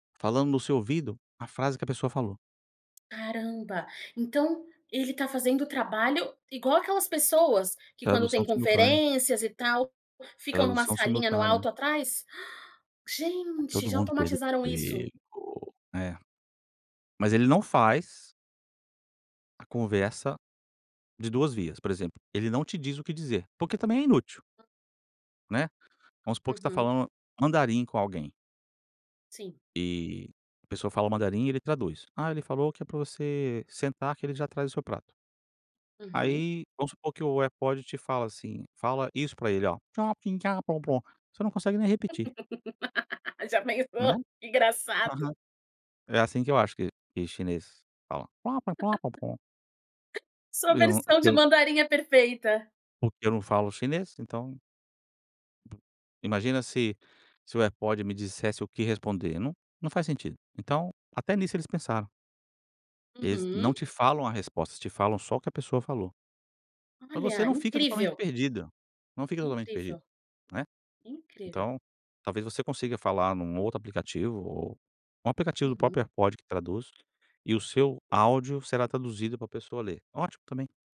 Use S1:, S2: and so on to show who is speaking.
S1: Falando no seu ouvido, a frase que a pessoa falou.
S2: Caramba. Então ele está fazendo o trabalho igual aquelas pessoas, que quando
S1: Tradução
S2: tem
S1: simultânea.
S2: conferências e tal, ficam em uma
S1: Tradução
S2: salinha no
S1: simultânea.
S2: alto atrás? Ah!
S1: Está
S2: Gente,
S1: todo
S2: já
S1: mundo perdendo
S2: automatizaram
S1: o
S2: isso.
S1: emprego. É. Mas ele não faz a conversa, de 2 vias, por exemplo, ele não te diz o que dizer, porque também é inútil. Né, vamos supor que você está
S2: Uhum.
S1: falando mandarim com alguém.
S2: Sim.
S1: E a pessoa fala mandarim, ele traduz: "Ah, ele falou que é para você sentar, que ele já traz o seu prato".
S2: Uhum.
S1: Aí vamos supor que o AirPod te fala assim: "Fala isso para ele:". Você não consegue nem repetir.
S2: Já pensou?
S1: Né,
S2: Que engraçado!
S1: aham. É assim que eu acho que que o chinês fala: "Pó, pó-pó, pó-pó".
S2: Sua
S1: Eu não, eu
S2: versão de
S1: fiquei o
S2: mandarim é perfeita.
S1: Porque eu não falo chinês, então Imagina se se o AirPod me dissesse o que responder, não não faz sentido. Então, até nisso eles pensaram. Eles não
S2: Uhum.
S1: te falam a resposta, te falam só o que a pessoa falou. Mas você
S2: Olha,
S1: não fica totalmente
S2: incrível.
S1: perdida, não fica totalmente perdido,
S2: Incrível.
S1: né,
S2: Incrível.
S1: então, talvez você consiga falar em um outro aplicativo ou um aplicativo do
S2: Uhum.
S1: próprio AirPod que traduz, e o seu áudio será traduzido para pessoa ler, ótimo também.